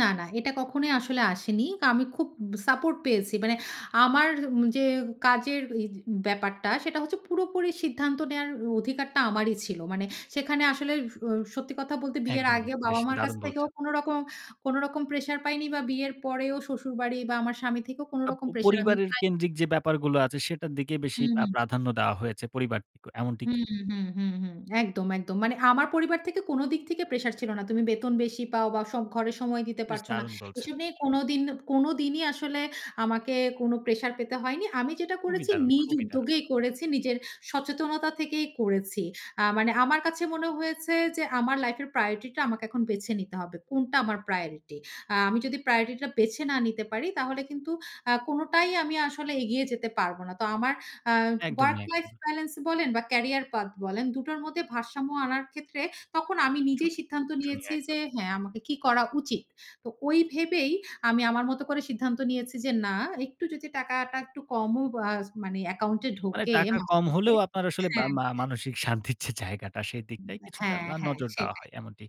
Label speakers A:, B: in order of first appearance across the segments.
A: না, না এটা কখনোই আসলে আসেনি। কা আমি খুব সাপোর্ট পেয়েছি মানে আমার উ যে কাজের ওইজ ব্যাপারটা সেটা হচ্ছে পুরোপুরি সিদ্ধান্ত নেওয়ার অধিকারটা আমারই ছিল, মানে সেখানে আসলে স সত্যি কথা বলতে বিয়ের
B: একদমই,
A: আগে
B: বেশ
A: বাবা-মার কাছ
B: দারুণ
A: থেকেও
B: বলছেন।
A: কোনো রকম, কোনো রকম প্রেশার পাইনি বা বিয়ের পরেও শ্বশুরবাড়ি বা আমার স্বামী থেকেও কোনো
B: আ প
A: রকম প্রেশার আমি
B: পরিবারের
A: পাইনি।
B: কেন্দ্রিক যে ব্যাপারগুলো আছে সেটার দিকে বেশি
A: হুম,
B: প্রা
A: হুম।
B: প্রাধান্য দেওয়া হয়েছে, পরিবারটিকে এমনটি
A: হুম,
B: কি?
A: হুম, হুম, হুম একদম, একদম, মানে আমার পরিবার থেকে কোনো দিক থেকে প্রেশার ছিল না তুমি বেতন বেশি পাও বা স ঘরে সময় দিতে
B: বেশ
A: পারছ না।
B: দারুণ
A: এসব
B: বলছেন।
A: নিয়ে কোনো দিন, কোনো দিনই আসলে আমাকে কোনো প্রেশার পেতে হয়নি। আমি যেটা
B: খুবই
A: করেছি
B: দারুণ,
A: নিজ
B: খুবই দারুণ।
A: উদ্যোগেই করেছি, নিজের সচেতনতা থেকেই করেছি। আ মানে আমার কাছে মনে হয়েছে যে আমার লাইফ এর প্রায়োরিটিটা আমাকে এখন বেছে নিতে হবে। কোনটা আমার প্রায়োরিটি আ আমি যদি প্রায়োরিটি টা বেছে না নিতে পারি, তাহলে কিন্তু আ কোনোটাই আমি আসলে এগিয়ে যেতে পারবো না। তো আমার আ ওয়ার্ক
B: একদমই,
A: লাইফ
B: একদমই।
A: বেলেন্স বলেন বা ক্যারিয়ার পাথ বলেন, দুটোর মধ্যে ভারসাম্য আনার ক্ষেত্রে তখন আমি নিজেই
B: ছুটি,
A: সিদ্ধান্ত
B: চুনি
A: নিয়েছি
B: একদম।
A: যে হ্যা, আমাকে কি করা উচিত। তো ঐ ভেবেই আমি আমার মত করে সিদ্ধান্ত নিয়েছি যে না একটু যদি টাকাটা একটু কমও বাজ মানে অ্যাকাউন্ট এ
B: মানে
A: ঢোকে
B: টাকা
A: মাস
B: কম
A: শেষে
B: হলেও আপনার আসলে বা
A: হ্যা
B: মা মানসিক শান্তির যে জায়গাটা সেইদিকটায়
A: [unintelligible] হ্যা,
B: কিছুটা আ
A: হ্যা
B: নজর দেওয়া
A: সেইটাই।
B: হয় এমনটি।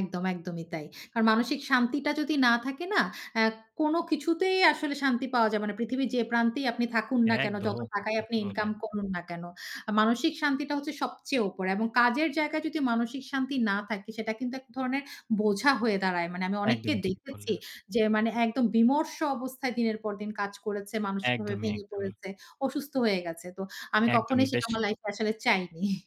A: একদম, একদমই তাই। কারণ মানসিক শান্তিটা যদি না থাকে না অ্যা কোনো কিছুতেই আসলে শান্তি পাওয়া যাবে না। পৃথিবীর যে প্রান্তেই আপনি থাকুন না কেনো, যত
B: একদম,
A: টাকাই আপনি
B: ঠিকই
A: ইনকাম
B: বললেন।
A: করুন না কেনো। মানসিক শান্তিটা হচ্ছে সবচেয়ে উপরে এবং কাজের জায়গায় যদি মানসিক শান্তি না থাকে সেটা কিন্তু এক ধরনের বোঝা হয়ে দাঁড়ায়। মানে আমি অনেককে
B: একদমই ঠিক
A: দেখেছি
B: বললেন।
A: যে মানে একদম বিমর্ষ অবস্থায় দিনের পর দিন কাজ করেছে, মানসিকভাবে
B: একদমই,
A: ভেঙে
B: একদমই।
A: পড়েছে। অসুস্থ হয়ে গেছে। তো আমি কখনোই
B: একদমই
A: সেটা
B: বেশ
A: আমার লাইফ এ আসলে চাইনি।